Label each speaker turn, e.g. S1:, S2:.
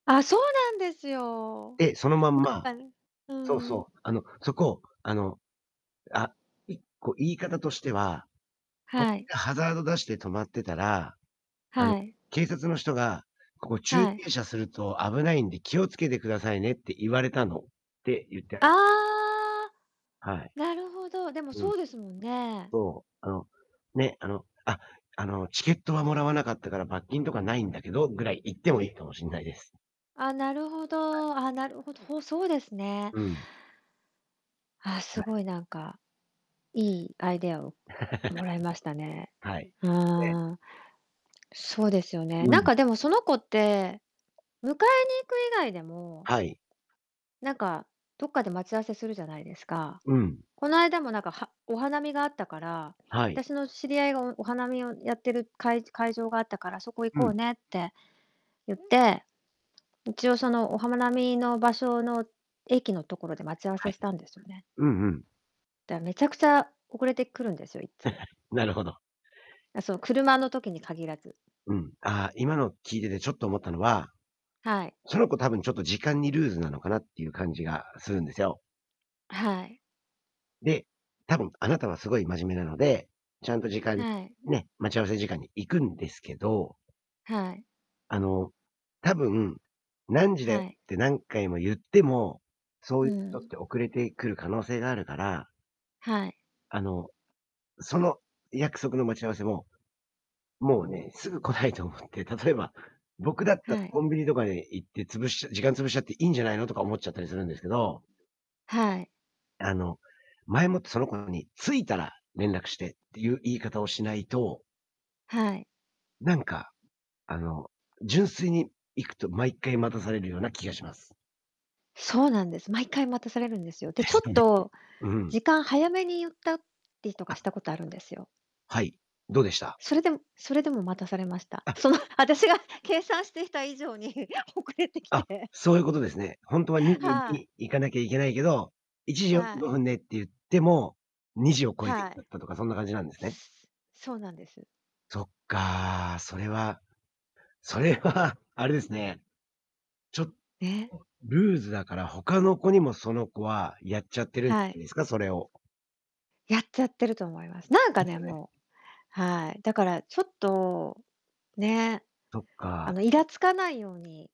S1: あ、そうなんですよ。
S2: で、そのまんま
S1: なんかう
S2: そう
S1: ん。
S2: そう。あの、そこ、あの、あ、一個言い方としては、「こ
S1: はい。
S2: でハザード出して止まってたら、あの
S1: はい。
S2: 警察の人が、ここ駐
S1: はい。
S2: 停車すると危ないんで気をつけてくださいねって言われたの」って言ってあ
S1: あ
S2: げ
S1: あ。
S2: はい。
S1: なるほど、でも
S2: うん。
S1: そうですもんね。
S2: そう。あの、ね、あの、あ、あの、「チケットはもらわなかったから罰金とかないんだけど」ぐらい言ってもい
S1: ん。
S2: いかもしんないです。
S1: あ、なるほ
S2: はい。
S1: ど。あ、なるほど、ほそうですね。
S2: うん。
S1: ああ、す
S2: はい。
S1: ごいなんか、いいアイデアをもらいましたね。
S2: はい。で
S1: はあ。そうですよね。
S2: う
S1: なん
S2: ん。
S1: かでもその子って、迎えに行く以外でも
S2: はい。
S1: なんか、どっかで待ち合わせするじゃないですか？
S2: うん。
S1: この間もなんかはお花見があったから、
S2: はい。
S1: 私の知り合いがおお花見をやってるかいじ会場があったから、そこ行
S2: う
S1: こ
S2: ん。
S1: うねって言って。一応そのおはまなみの場所の駅のところで待ち合わ
S2: は
S1: せ
S2: い。
S1: したんですよね。
S2: うんうん。
S1: だめちゃくちゃ遅れてくるんですよ、いっつも。
S2: なるほど。
S1: あ、そう、車の時に限らず。
S2: うん。ああ、今の聞いててちょっと思ったのは、
S1: はい。
S2: その子多分ちょっと時間にルーズなのかなっていう感じがするんですよ。
S1: あ、はい。
S2: で、多分あなたはすごい真面目なので、ちゃんと時間
S1: はい。
S2: ね、待ち合わせ時間に行くんですけど。
S1: はい。
S2: あの、多分、何時だよっ
S1: はい。
S2: て何回も言っても、そう
S1: う
S2: いう人っ
S1: ん。
S2: て遅れてくる可能性があるから。
S1: はい。
S2: あの、その約束の待ち合わせも、もうね、すぐ来ないと思って、例えば僕だった、
S1: はい。
S2: コンビニとかに行って潰しち時間潰しちゃっていいんじゃないのとか思っちゃったりするんですけど。
S1: はい。
S2: あの、前もってその子に「着いたら連絡して」っていう言い方をしないと
S1: はい。
S2: なんか、あの、純粋に行くと毎回待たされるような気がします。
S1: そうなんです。毎回待たされるんですよ。で、
S2: で
S1: ち
S2: す
S1: ょっ
S2: よね。
S1: と
S2: うん。
S1: 時間早めに言ったりとかし
S2: あ
S1: たことあるんですよ。
S2: はい、どうでした？
S1: それでもそれでも待たされました。
S2: あ
S1: その私が計算していた以上に遅れてき
S2: あ、
S1: て。
S2: そういうことですね。ほんとは2時
S1: はい。
S2: に行かなきゃいけないけど、いちじよんじ
S1: は
S2: ゅう
S1: い。
S2: ごふんで、って言っても、2時を超えて来
S1: は
S2: ち
S1: い。
S2: ゃったとかそんな感じなんですね。
S1: そうなんです。
S2: そっか。それはそれは、あれですね。ちょ
S1: え。
S2: ルーズだから他の子にもその子はやっちゃってるん
S1: はい。
S2: ですか、それを。
S1: やっちゃってると思います。なんか
S2: です
S1: ね、
S2: よね。
S1: もうはい、だからちょっと、ね。
S2: そっ
S1: あ
S2: か。
S1: のイラつかないように。